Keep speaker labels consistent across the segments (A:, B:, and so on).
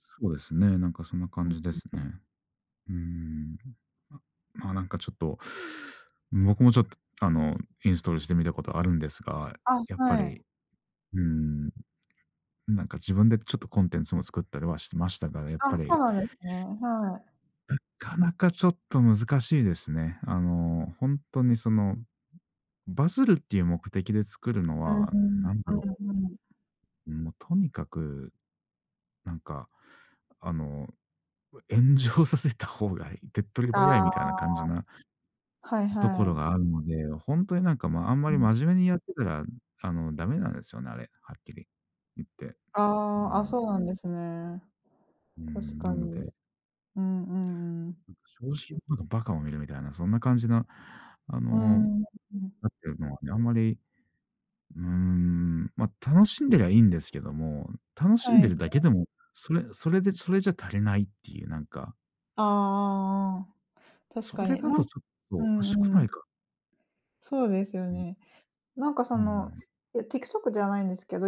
A: そうですね、なんかそんな
B: う
A: 感
B: ん
A: じで
B: うん。
A: すね。うーん、うん、ま、まあ、なんかちょっと、僕もちょっとあの、インストールしてみたことあるんですが、
B: あ、
A: やっぱ
B: はい。
A: り、うーん、なんか自分でちょっとコンテンツも作ったりはしてましたから、やっぱ
B: あ、そう
A: り
B: なんですね。はい。
A: うかなかちょっと難しいですね。あの、ほんとにその、うん、バズるっていう目的で作るの
B: うん
A: は、
B: うん、
A: なんだろ
B: うんうん。
A: う。うん、もうとにかく、なんか、あの、うえ炎上させた方がい手っ取り
B: あ
A: 早い
B: あ。
A: みたいな感じな
B: はい
A: うとこ
B: は
A: ろ
B: い。
A: があるので、ほんとになんか、ま、あんま
B: う
A: り
B: ん。
A: 真面目にやってたら、あの、ダメなんですよね、あれ、はっきり言って。う
B: ああ、あ、
A: ん。
B: そうなんですね。
A: うー
B: 確
A: ん、な
B: か
A: の
B: に。
A: で
B: うんうんうん。
A: う正直者が馬鹿を見るみたいな、そんな感じなあ
B: うー
A: の、
B: ん。うん。
A: なってるのはね、あんまり、うーん、ま、楽しんでりゃいいんですけども、楽しん
B: は
A: で
B: い。
A: るだけでも、それそれで、それじゃ足りないっていうなんか
B: ああああ、うん、確
A: そ
B: か
A: れ
B: に、
A: だ
B: な
A: と
B: ん
A: ちょっと
B: う
A: おかし
B: ん
A: く
B: う
A: ない
B: ん。
A: か？
B: そうですよ
A: うん。
B: ね。なんか
A: う
B: そ
A: うう
B: の、
A: ん。
B: いや、TikTok じゃないんですけど、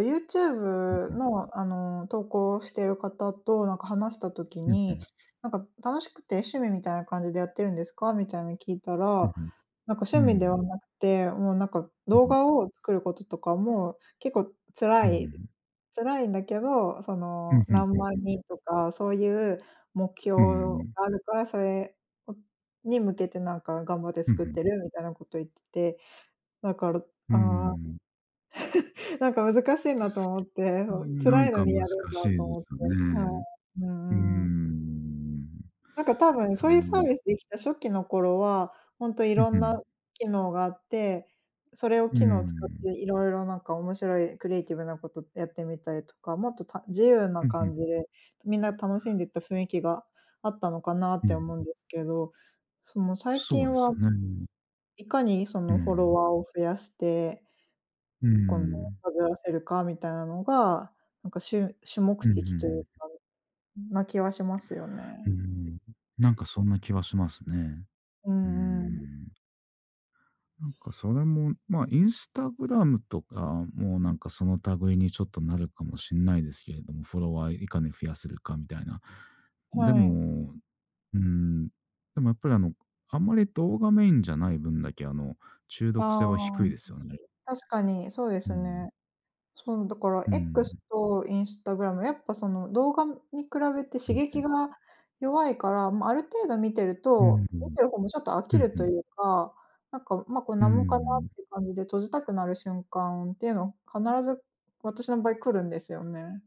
A: うん
B: YouTube
A: うん。
B: のあの、投稿している方となんか話した時
A: うんう
B: に、
A: ん。
B: なんか楽しくて趣味みたいな感じでやってるんですか？みたいに聞いたら、
A: うんうん。
B: なんか
A: う
B: 趣味で
A: ー
B: は
A: ん。
B: なくて、もうなんか
A: う
B: 動
A: うん。
B: 画を作ることとかも、結構
A: うー
B: 辛い
A: ん。
B: 辛いんだけど、そ
A: う
B: の、
A: ん、ふんふ
B: 何
A: ん
B: 万
A: ふん。
B: 人とか、そういう目標
A: うーん。
B: があるから、それをに向けてなんか頑張って
A: うん、
B: 作っ
A: ふん。
B: てるみたいなこと言ってて、だから、
A: うー
B: ああ、
A: ん。
B: なんか難しいなと思って、
A: うー
B: そん、
A: ん、な
B: 辛
A: ん
B: いの
A: か
B: に
A: 難
B: やるん
A: し
B: だ
A: い
B: と
A: で
B: 思って
A: すよ
B: は
A: ね。
B: い。う
A: うー
B: んうん。
A: ん。い
B: なんか多分そういうサー
A: や
B: ビスできた初期の頃は、ほんとい
A: う
B: ろ
A: ふ
B: ん
A: ん。
B: な機能があって、それを
A: うー
B: 機能使っ
A: ん。
B: ていろいろなんか面白いクリエイティブなことやってみたりとか、もっと、た自由な
A: うん、ふ
B: 感
A: ん。
B: じで、みんな楽しんでった雰囲気があったのかなっ
A: うん
B: て
A: う
B: 思
A: ん。
B: うんですけど、その最
A: そうで
B: 近
A: す
B: は、
A: よね。
B: いかにそ
A: う
B: のフォロ
A: ん。
B: ワーを増やして
A: う
B: 今度
A: ん。
B: バズらせるかみたいなのが、なんかしゅ主目
A: うん、ふん、
B: 的とい
A: う
B: う
A: ん。
B: かん、な気はしますよ
A: うー
B: ね。
A: ん。なんかそんな気はしますね。
B: う
A: うー
B: んうん。
A: ん。なんかそれも、ま、Instagram とかもなんかその類にちょっとなるかもしんないですけれども、フォロワーいかに増やせるかみたいな。で
B: はい。
A: も、うーん、でもやっぱりあの、こあんまり動画メインじゃない分だけ、あの、中
B: た
A: 毒性は
B: ああ、
A: 低い
B: う
A: ですよね。
B: 確かに、そうで
A: う
B: す
A: ん。
B: ね。そのだから
A: う
B: X
A: ん。
B: と Instagram、やっぱその動画に比べて
A: う
B: 刺
A: ん、ふ
B: 激
A: ん。
B: が弱いから、ま、ある程度見てる
A: うー
B: と、見
A: ん。
B: てる方もちょっと飽
A: ふ
B: き
A: ん
B: る
A: ふ
B: とい
A: ん。
B: うか、なんかま、こん
A: う
B: なもんかな
A: ん。
B: って感じで閉じたくなる瞬間ていうの、必ず私の場合来るんですよね。